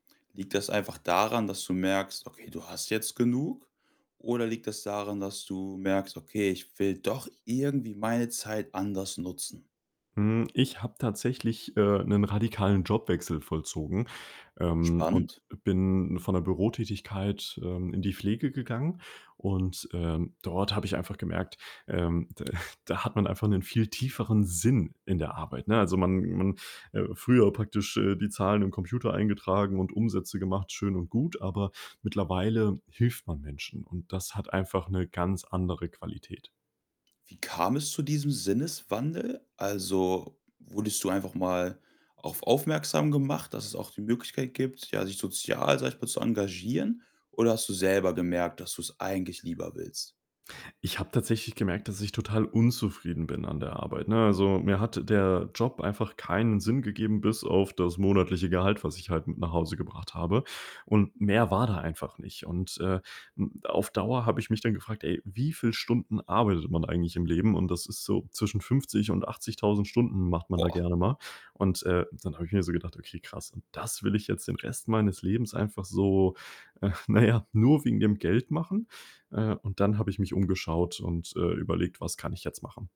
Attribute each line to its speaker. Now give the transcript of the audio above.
Speaker 1: Liegt das einfach daran, dass du merkst: Okay, du hast jetzt genug? Oder liegt das daran, dass du merkst: „Okay, ich will doch irgendwie meine Zeit anders nutzen?“
Speaker 2: Mhm, ich habe tatsächlich, äh, 'nen radikalen Jobwechsel vollzogen, ähm, und
Speaker 1: Spannend.
Speaker 2: bin von der Bürotätigkeit, ähm, in die Pflege gegangen und, ähm, dort habe ich einfach gemerkt, ähm, da hat man einfach 'nen viel tieferen Sinn in der Arbeit, ne? Also, man man äh, früher praktisch, äh, die Zahlen im Computer eingetragen und Umsätze gemacht, schön und gut, aber mittlerweile hilft man Menschen und das hat einfach 'ne ganz andere Qualität.
Speaker 1: Wie kam es zu diesem Sinneswandel? Also, wurdest du einfach mal auf aufmerksam gemacht, dass es auch die Möglichkeit gibt, ja, sich sozial, sage ich mal, zu engagieren? Oder hast du selber gemerkt, dass du es eigentlich lieber willst?
Speaker 2: Ich habe tatsächlich gemerkt, dass ich total unzufrieden bin an der Arbeit, ne? Also, mir hat der Job einfach keinen Sinn gegeben bis auf das monatliche Gehalt, was ich halt mit nach Hause gebracht habe und mehr war da einfach nicht. Und, äh, hm, auf Dauer habe ich mich dann gefragt: „Ey, wie viel Stunden arbeitet man eigentlich im Leben?“ Und das ist so zwischen 50 und 80000 Stunden macht man da
Speaker 1: Oh.
Speaker 2: gerne mal. Und, äh, dann habe ich mir so gedacht: „Okay krass, und das will ich jetzt den Rest meines Lebens einfach so, äh na ja, nur wegen dem Geld machen?“ Äh, und dann habe ich mich umgeschaut und, äh, überlegt: „Was kann ich jetzt machen?“